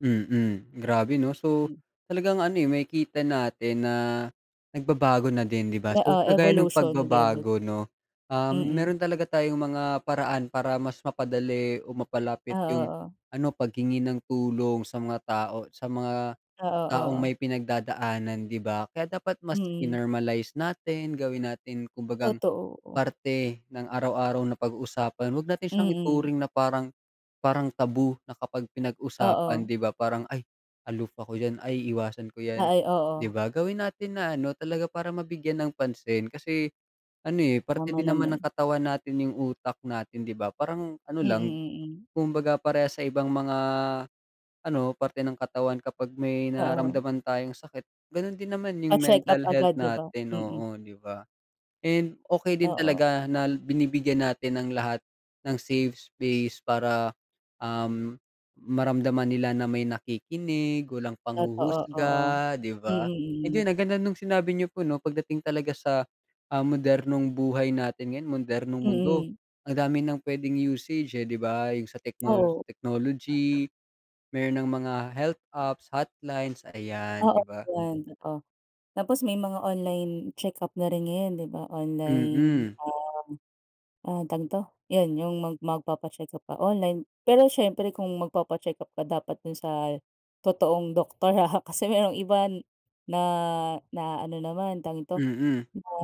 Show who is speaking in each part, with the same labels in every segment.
Speaker 1: Mm. Grabe 'no so
Speaker 2: Mm.
Speaker 1: talagang ano eh makikita natin na nagbabago na din 'di ba so
Speaker 2: Oo,
Speaker 1: kagaya ng
Speaker 2: evolution, nag-eevolu
Speaker 1: pagbabago 'no, um,
Speaker 2: Mm.
Speaker 1: meron talaga tayong mga paraan para mas mapadali o
Speaker 2: Oo,
Speaker 1: mapalapit yung
Speaker 2: oo.
Speaker 1: ano paghingi ng tulong sa mga tao sa mga
Speaker 2: Oo,
Speaker 1: taong
Speaker 2: oo.
Speaker 1: may pinagdadaanan 'di ba? Kaya dapat mas
Speaker 2: Mm.
Speaker 1: in-normalize natin gawin natin kumbagang
Speaker 2: Totoo, oo.
Speaker 1: parte ng araw-araw na pag-uusapan. Wag natin siyang
Speaker 2: Mm.
Speaker 1: ituring na parang, parang taboo na kapag pinag-usapan
Speaker 2: Oo.
Speaker 1: 'di ba parang, ay aloof ako diyan, ay iwasan ko
Speaker 2: A
Speaker 1: yan
Speaker 2: ay
Speaker 1: 'di
Speaker 2: oo.
Speaker 1: ba. Gawin natin na ano talaga para mabigyan ng pansin kasi ano eh parte
Speaker 2: Tama
Speaker 1: din naman ng
Speaker 2: naman.
Speaker 1: katawan natin yung utak natin 'di ba. Parang ano lang
Speaker 2: Mm. Mm.
Speaker 1: kumbaga parehas sa ibang mga ano parte ng katawan kapag may
Speaker 2: Oo.
Speaker 1: nararamdaman tayong sakit ganun din naman yung
Speaker 2: Pa-check up
Speaker 1: mental health
Speaker 2: agad 'di ba?
Speaker 1: natin
Speaker 2: Mm.
Speaker 1: oo 'di ba and okey din
Speaker 2: Oo.
Speaker 1: talaga na binibigyan natin ang lahat ng safe space para, um maramdaman nila na may nakikinig, walang
Speaker 2: Totoo, oo.
Speaker 1: panghuhusga 'di ba?
Speaker 2: Mm. Mm.
Speaker 1: Ayun ang ganda nung sinabi niyo po 'no pag dating talaga sa, ah, modernong buhay natin ngayon modernong mundo
Speaker 2: Mm.
Speaker 1: ang dami ng pwedeng usage eh 'di ba yung sa technol
Speaker 2: Oo.
Speaker 1: technology meron ng mga health apps, hotlines ayan
Speaker 2: Oo
Speaker 1: 'di ba?
Speaker 2: yan totoo. Tapos may mga online check-up na rin ngayon 'di ba online
Speaker 1: Mm.
Speaker 2: um ah, tawag dito, yun yung mag magpapa-check up ka online pero siyempre kung magpapa-check-up ka dapat dun sa totoong doktor, ah. Kasi yung iba na na-aano naman tawag dito
Speaker 1: Mm.
Speaker 2: na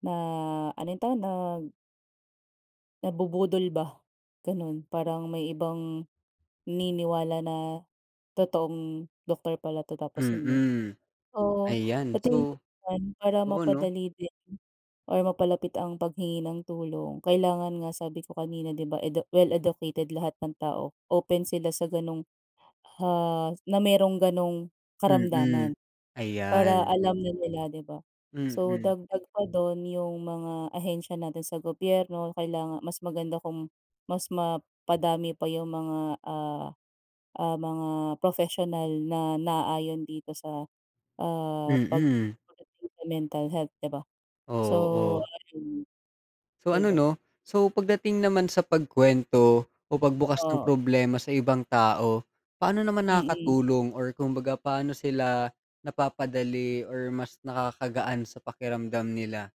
Speaker 2: na ano ito, nag nabubudol ba ganun, parang may ibang naniniwala na totoong doctor pala 'to tapos hindi.
Speaker 1: Mm,
Speaker 2: Oo, sa
Speaker 1: ayan
Speaker 2: tingin ko
Speaker 1: so
Speaker 2: naman para
Speaker 1: oo 'no.
Speaker 2: mapadali din or mapalapit ang paghingi ng tulong kailangan nga sabi ko kanina 'di ba edu well-educated lahat ng tao, open sila sa ganong ha na merong ganong
Speaker 1: Mm,
Speaker 2: karamdaman. Para
Speaker 1: ayan.
Speaker 2: alam na nila 'di ba so
Speaker 1: Mm.
Speaker 2: dagdag pa dun yung mga ahensiya natin sa gobyerno kailangan mas maganda kung mas mapadami pa yung mga, ah, ah, mga professional na naayon dito sa ah,
Speaker 1: Mm.
Speaker 2: pagdating sa mental health 'di ba so.
Speaker 1: Oo.
Speaker 2: [unintelligible]
Speaker 1: So
Speaker 2: Di
Speaker 1: ano
Speaker 2: ba?
Speaker 1: 'no? so pagdating naman sa pagkwento o pagbukas ng
Speaker 2: Oo.
Speaker 1: problema sa ibang tao, paano naman
Speaker 2: Mm.
Speaker 1: nakakatulong or kumbaga paano sila napapadali or mas nakakagaan sa pakiramdam nila?